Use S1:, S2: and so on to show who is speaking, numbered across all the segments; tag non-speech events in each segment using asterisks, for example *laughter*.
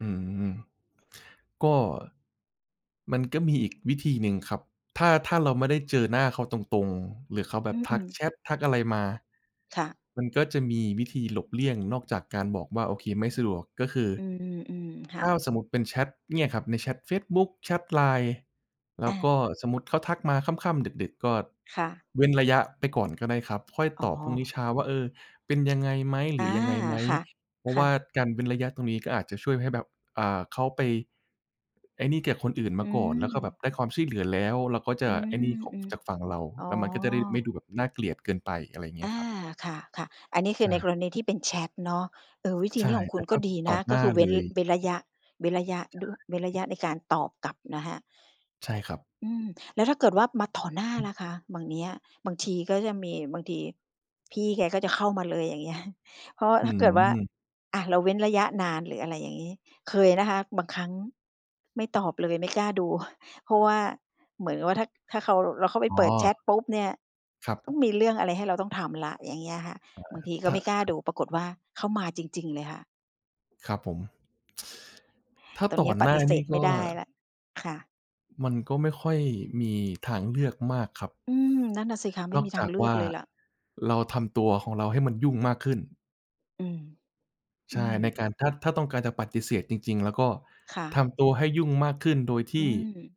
S1: อืม ก็ มันก็มีอีก วิธีหนึ่งครับ ถ้า ถ้าเราไม่ได้เจอหน้าเขาตรง ๆ หรือเขาแบ
S2: อื
S1: บทัก
S2: อ ๆ
S1: แชต ทักอะไรมา
S2: ค่ะ
S1: มันก็จะมีวิธีหลบเลี่ยงนอกจากการบอกว่า "โอเค ไม่สะดวก" ก็คือ
S2: อืม ๆ ๆ ค่
S1: ถ้
S2: ะ
S1: าเรา สมมุติเป็นแชตเนี่ยครับ ในแชตเฟซบุ๊ก แชต LINE แล้
S2: อ
S1: วก
S2: า
S1: ็สมมุติเขาทักมาค่ำ ๆ ดึก ๆ ก็
S2: ค่ะ
S1: เว้นระยะ ไปก่อนก็ได้ครับ ค่อย
S2: อ๋
S1: ตอบพรุ่งนี
S2: อ
S1: ้เช้า ว่า "เออ เป็นยังไง? ไหม ห
S2: อ
S1: ร
S2: า
S1: ือยังไง ไหม"
S2: ค่ะ
S1: เพรา
S2: ค
S1: ะ
S2: ่
S1: ว่า
S2: ะ
S1: การเว้นระยะตรงนี้ก็อาจจะช่วยให้แบบ อ่า เขาไป ไอ้นี่กับคนอื่น
S2: อ
S1: ม
S2: ื
S1: าก่อน แล้วก็แบบ
S2: ม
S1: ได้ความช่วยเหลือแล้ว แล้วก็จ
S2: อื
S1: ะ
S2: ม
S1: ไอ้นี่ขอ
S2: อ
S1: ง
S2: ือ
S1: จากฝั่งเรา
S2: อ๋อ
S1: แล้วมันก็จะได้ไม่ดูแบบน่าเกลียดเกินไป อะไรเงี
S2: อ
S1: ้ย
S2: า
S1: ครับ
S2: ค่ะ ๆ อันนี้ค
S1: ใ
S2: ื
S1: ช
S2: อในก
S1: ่
S2: รณีที่เป็นแชตเนาะ เออ วิธี
S1: ใช
S2: น
S1: ่
S2: ี้ของค
S1: แต
S2: ุ
S1: ่
S2: ณก
S1: ถ้
S2: ็
S1: า
S2: ดี
S1: ต
S2: น
S1: ่อ
S2: ะ
S1: ห
S2: ก
S1: น
S2: ็
S1: ้า
S2: คือเว
S1: เล
S2: ้น
S1: ย
S2: เว้นระยะ เว้นระยะ
S1: ใช
S2: ดั้ว
S1: ่
S2: เว้นระยะในการตอบกลับนะคะ
S1: ใช่ครับ
S2: อืม แล้วถ้าเกิดว่ามาต่อหน้า
S1: อื
S2: ล
S1: ม
S2: ่ะคะ บ่างเนี้ย บางทีก็จะมี บางทีพี่แกก็จะเข้ามาเลย อย่างเงี้ย เพราะ
S1: อื
S2: ถ้าเกิดว่า
S1: ม
S2: อา เราเว้นระยะนาน หรืออะไรอย่างงี้ เคยนะคะ บางครั้งไม่ตอบเลย ไม่กล้าดู *chuckles* เพราะว่าเหมือนกับว่าถ้า ถ้าเขา เราเข้าไป
S1: อ๋
S2: เปิดแชต
S1: อ
S2: ปุ๊บเนี่ย
S1: คร
S2: ต้อง
S1: ับ
S2: มีเรื่องอะไรให้เราต้องทำแล้ว อย่างเงี้ยค่ะ
S1: เอ่
S2: บาง
S1: อ
S2: ทีก็
S1: ถ้า
S2: ไม่กล้า
S1: ครั
S2: ด
S1: บ
S2: ู ปรากฏว่าเขามาจริง ๆ เลยค่ะ
S1: ครับผม ถ้า
S2: ตอน
S1: ต
S2: น
S1: ่
S2: ี
S1: อ
S2: ้ป
S1: หน้า
S2: ฏิเส
S1: นี่
S2: ธไ
S1: ก
S2: ม่
S1: ็
S2: ได้ แล้ว ค่ะ
S1: มันก็ไม่ค่อยมี ทางเลือกมากครับ
S2: อืม นั่นน่ะสิคะ ไม
S1: น
S2: ่
S1: อ
S2: ม
S1: ก
S2: ีท
S1: จ
S2: า
S1: า
S2: ง
S1: ก
S2: เลื
S1: ว
S2: อ
S1: ่
S2: ก
S1: า
S2: เลยล่ะ
S1: เราทำตัวของเราให้มันยุ่งมากขึ้น
S2: อืม
S1: ใ
S2: อ
S1: ช
S2: ื
S1: ่
S2: ม
S1: ในการ ถ้า ถ้าต้องการจะปฏิเสธจริง ๆ แล้วก็
S2: ค่ะ
S1: ทำตัวให้ยุ่งมากขึ้น โดยท
S2: อื
S1: ี่
S2: ม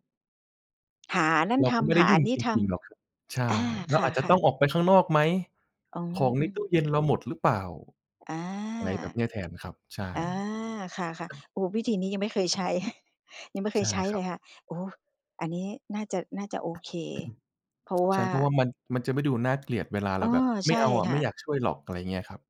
S2: หาอันนั้น
S1: เรา
S2: ท
S1: ก็ไม่
S2: ำ
S1: ไ
S2: ห
S1: ด้
S2: า
S1: ย
S2: อ
S1: ุ
S2: ั
S1: ่ง
S2: นนี้
S1: จ
S2: ท
S1: ริง ๆ หรอกครับ ใช
S2: ำ อ
S1: ่
S2: า
S1: เร
S2: ค
S1: าอาจจะ
S2: ่
S1: ต
S2: ะ
S1: ้อ
S2: ๆ
S1: งออกไปข้างนอกไหม
S2: อ๋อ
S1: ของ
S2: อ
S1: ใ
S2: ื
S1: น
S2: ม
S1: ตู้เย็นเราหมดหรือเปล่า
S2: อา
S1: อะไรแบบนี้แทน ครับ ใช่
S2: อา ค่ะ ๆ โอ้ วิธีนี้ยังไม่เคยใช้ *chuckles* ยังไม่เค
S1: ใช
S2: ย
S1: ่
S2: ใช้
S1: คร
S2: เล
S1: ับ
S2: ยค่ะ โอ้ อันนี้น่าจะ น่าจะโอเค เพราะว
S1: ใช
S2: ่
S1: ่
S2: า
S1: เพราะว่ามัน มันจะไม่ดูน่าเกลียดเวลาเ
S2: อ
S1: ร
S2: ๋อ
S1: าแบบ "ไ
S2: ใ
S1: ม
S2: ช
S1: ่
S2: ่
S1: เอาอะ
S2: ค่
S1: ไม่
S2: ะ
S1: อยากช่วยหรอก" ตอนอย่างเงี้ยครับ